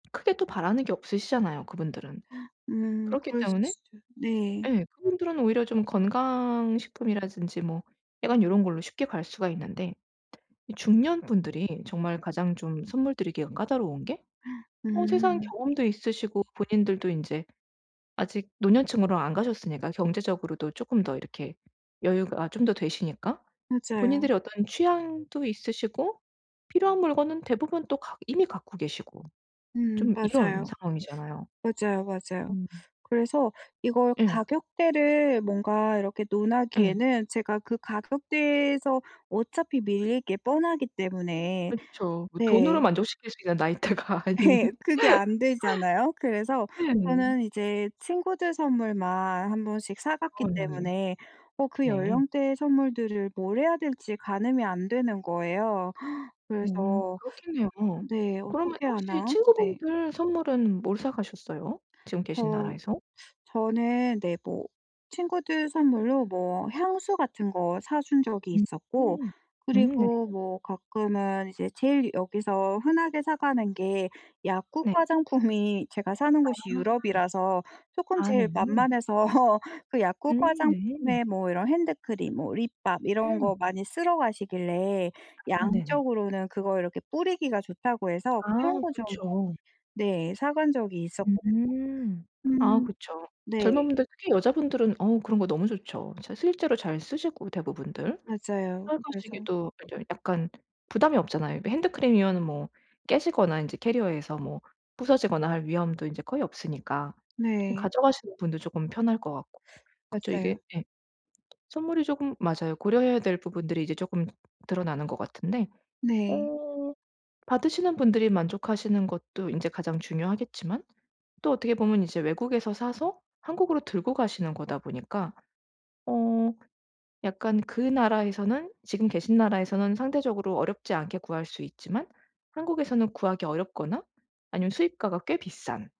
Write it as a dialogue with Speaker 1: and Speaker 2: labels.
Speaker 1: 크게 또 바라는 게 없으시잖아요 그분들은.
Speaker 2: 음
Speaker 1: 그렇기
Speaker 2: 그럴 수
Speaker 1: 때문에
Speaker 2: 있어요. 네.
Speaker 1: 예 그분들은 오히려 좀 건강식품이라든지 뭐 약간 요런 걸로 쉽게 갈 수가 있는데 이 중년분들이 정말 가장 좀 선물 드리기가 까다로운 게 어 세상
Speaker 2: 음.
Speaker 1: 경험도 있으시고 본인들도 인제 아직 노년층으로 안 가셨으니까 경제적으로도 쪼끔 더 이렇게 여유가 좀 더 되시니까
Speaker 2: 맞아요.
Speaker 1: 본인들의 어떤 취향도 있으시고 필요한 물건은 대부분 또 갖 이미 갖고 계시고
Speaker 2: 음
Speaker 1: 좀 이런
Speaker 2: 맞아요.
Speaker 1: 상황이잖아요.
Speaker 2: 맞아요, 맞아요.
Speaker 1: 음.
Speaker 2: 그래서 이걸
Speaker 1: 예.
Speaker 2: 가격대를 뭔가 이렇게
Speaker 1: 예.
Speaker 2: 논하기에는 제가 그 가격대에서 어차피 밀릴 게 뻔하기 때문에
Speaker 1: 그쵸. 뭐 돈으로
Speaker 2: 네.
Speaker 1: 만족시킬 수 있는 나이대가 아닌.
Speaker 2: 예. 그게 안 되잖아요. 그래서
Speaker 1: 네.
Speaker 2: 저는 이제 친구들 선물만 1 번씩 사 갔기
Speaker 1: 아 네.
Speaker 2: 때문에 어 그
Speaker 1: 네.
Speaker 2: 연령대의 선물들을 뭘 해야 될지 가늠이 안 되는 거예요.
Speaker 1: 음
Speaker 2: 그래서
Speaker 1: 그렇겠네요.
Speaker 2: 네
Speaker 1: 그러면
Speaker 2: 어떻게
Speaker 1: 혹시
Speaker 2: 하나. 네.
Speaker 1: 친구분들 선물은 뭘 사 가셨어요, 지금 계신
Speaker 2: 저
Speaker 1: 나라에서?
Speaker 2: 저는 네 뭐 친구들 선물로 뭐 향수 같은 거 사 준 적이
Speaker 1: 음.
Speaker 2: 있었고
Speaker 1: 음 네.
Speaker 2: 그리고 뭐 가끔은 이제 제일 여기서 흔하게 사 가는 게 약국
Speaker 1: 네.
Speaker 2: 화장품이 제가 사는
Speaker 1: 아
Speaker 2: 곳이
Speaker 1: 음.
Speaker 2: 유럽이라서 쪼끔
Speaker 1: 아
Speaker 2: 제일
Speaker 1: 네.
Speaker 2: 만만해서 그
Speaker 1: 음
Speaker 2: 약국
Speaker 1: 네.
Speaker 2: 화장품에 뭐 이런 핸드크림 뭐 립밤 이런
Speaker 1: 음.
Speaker 2: 거 많이 쓸어 가시길래
Speaker 1: 아 네네.
Speaker 2: 양적으로는 그거 이렇게 뿌리기가 좋다고 해서
Speaker 1: 아
Speaker 2: 그런
Speaker 1: 응
Speaker 2: 거 좀 많이
Speaker 1: 그쵸.
Speaker 2: 네 사 간 적이 있었거든요.
Speaker 1: 음. 아
Speaker 2: 음.
Speaker 1: 그쵸.
Speaker 2: 네.
Speaker 1: 젊은 분들 특히 여자분들은 어 그런 거 너무 좋죠. 진짜 실제로 잘 쓰시고 대부분들.
Speaker 2: 맞아요. 그래서
Speaker 1: 사용하시기도 아 저 약간 부담이 없잖아요. 그 핸드크림이면은 뭐 깨지거나 이제 캐리어에서 뭐 부서지거나 할 위험도 이제 거의 없으니까 좀
Speaker 2: 네.
Speaker 1: 가져가시는 분도 쪼끔 편할 것 같고. 그쵸. 이게
Speaker 2: 맞아요.
Speaker 1: 예. 선물이 쪼금 맞아요. 고려해야 될 부분들이 이제 쪼끔 드러나는 것 같은데
Speaker 2: 네.
Speaker 1: 어 받으시는 분들이 만족하시는 것도 인제 가장 중요하겠지만 또 어떻게 보면 이제 외국에서 사서 한국으로 들고 가시는 거다 보니까 어 약간 그 나라에서는 지금 계신 나라에서는 상대적으로 어렵지 않게 구할 수 있지만 한국에서는 구하기 어렵거나 아니면 수입가가 꽤 비싼